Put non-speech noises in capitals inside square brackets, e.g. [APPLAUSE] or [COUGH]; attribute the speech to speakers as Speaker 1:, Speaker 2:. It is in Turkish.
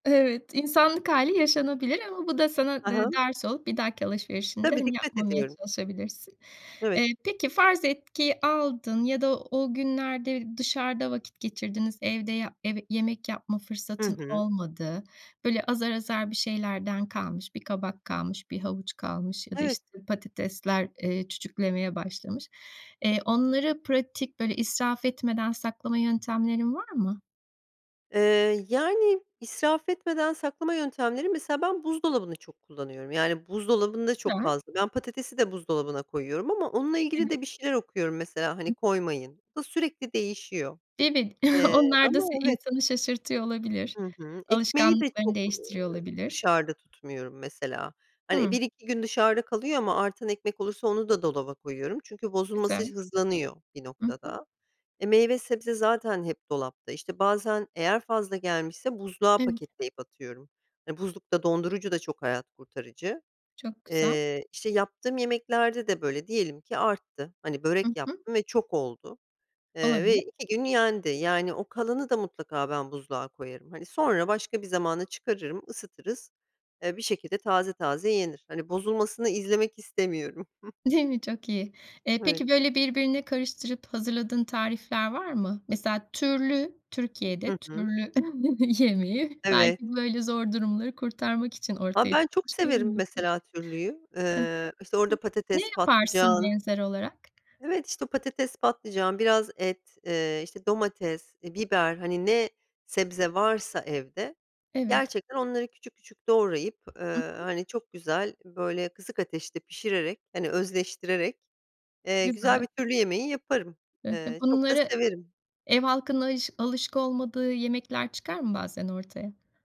Speaker 1: Evet, insanlık hâli yaşanabilir ama bu da sana
Speaker 2: Ha
Speaker 1: de
Speaker 2: ha.
Speaker 1: ders olup bir dahaki alışverişinde,
Speaker 2: Tabii,
Speaker 1: hani,
Speaker 2: dikkat
Speaker 1: yapmamaya
Speaker 2: ediyorum.
Speaker 1: çalışabilirsin.
Speaker 2: Evet.
Speaker 1: Eee, peki farz etki aldın ya da o günlerde dışarıda vakit geçirdiniz. Evde yap yemek yapma
Speaker 2: Hı
Speaker 1: fırsatın
Speaker 2: hı.
Speaker 1: olmadı. Böyle, azar azar bir şeylerden kalmış, bir kabak kalmış, bir havuç kalmış ya da,
Speaker 2: Evet.
Speaker 1: işte, patatesler, eee, çüçüklemeye başlamış. Eee, onları pratik, böyle, israf etmeden saklama yöntemlerin var mı?
Speaker 2: Eee, yani, israf etmeden saklama yöntemleri mesela ben buzdolabını çok kullanıyorum. Yani, buzdolabında çok
Speaker 1: Güzel.
Speaker 2: fazla Ben patatesi de buzdolabına koyuyorum ama onunla ilgili de bir
Speaker 1: Evet.
Speaker 2: şeyler okuyorum mesela. Hani,
Speaker 1: Hı hı.
Speaker 2: "Koymayın." Bu da sürekli değişiyor.
Speaker 1: Demin
Speaker 2: Eee
Speaker 1: [CHUCKLES] onlar da
Speaker 2: Ama,
Speaker 1: se
Speaker 2: evet.
Speaker 1: insanı şaşırtıyor olabilir.
Speaker 2: Hı hı. Ekmeği de
Speaker 1: Alışkanlıklarını
Speaker 2: çok, ııı,
Speaker 1: değiştiriyor olabilir.
Speaker 2: dışarıda tutmuyorum mesela. Hani,
Speaker 1: Hıı.
Speaker 2: 1-2 gün dışarıda kalıyor ama artan ekmek olursa onu da dolaba koyuyorum çünkü bozulması
Speaker 1: Güzel.
Speaker 2: hızlanıyor bir
Speaker 1: Hı hı.
Speaker 2: noktada. E, meyve sebze zaten hep dolapta. İşte, bazen eğer fazla gelmişse buzluğa
Speaker 1: Evet.
Speaker 2: paketleyip atıyorum. Hani, buzluk da, dondurucu da çok hayat kurtarıcı.
Speaker 1: Çok güzel.
Speaker 2: Eee, işte, yaptığım yemeklerde de böyle. Diyelim ki arttı, hani,
Speaker 1: Hı
Speaker 2: börek
Speaker 1: hı.
Speaker 2: yaptım ve çok oldu, eee, ve
Speaker 1: Olabilir.
Speaker 2: 2 gün yendi. Yani o kalanı da mutlaka ben buzluğa koyarım. Hani, sonra başka bir zamana çıkarırım ısıtırız, eee, bir şekilde taze taze yenir. Hani, bozulmasını izlemek istemiyorum. [CHUCKLES]
Speaker 1: Değil mi? Çok iyi. Eee,
Speaker 2: Evet.
Speaker 1: peki, böyle, birbirine karıştırıp hazırladığın tarifler var mı? Mesela türlü
Speaker 2: Hı
Speaker 1: Türkiye'de
Speaker 2: hı.
Speaker 1: türlü [CHUCKLES] yemeği belki
Speaker 2: Evet.
Speaker 1: böyle zor durumları kurtarmak için
Speaker 2: A,
Speaker 1: ortaya
Speaker 2: ben çok
Speaker 1: çıkmış bir
Speaker 2: severim
Speaker 1: yemektir.
Speaker 2: mesela türlüyü.
Speaker 1: I hı.
Speaker 2: Eee, işte, orada
Speaker 1: Hıı. Ne
Speaker 2: patates,
Speaker 1: yaparsın
Speaker 2: patlıcan
Speaker 1: benzer olarak?
Speaker 2: Evet, işte, patates, patlıcan, biraz et, eee, işte, domates, eee, biber, hani, ne sebze varsa evde,
Speaker 1: Evet.
Speaker 2: gerçekten onları küçük küçük doğrayıp, eee,
Speaker 1: Hı hı.
Speaker 2: hani çok güzel, böyle, kısık ateşte pişirerek, hani özleştirerek, eee, güzel
Speaker 1: Güzel.
Speaker 2: bir türlü yemeği yaparım.
Speaker 1: Eee, he,
Speaker 2: Eee, çok da
Speaker 1: bunları
Speaker 2: severim.
Speaker 1: ev halkının ayış alışık olmadığı yemekler çıkar mı bazen ortaya?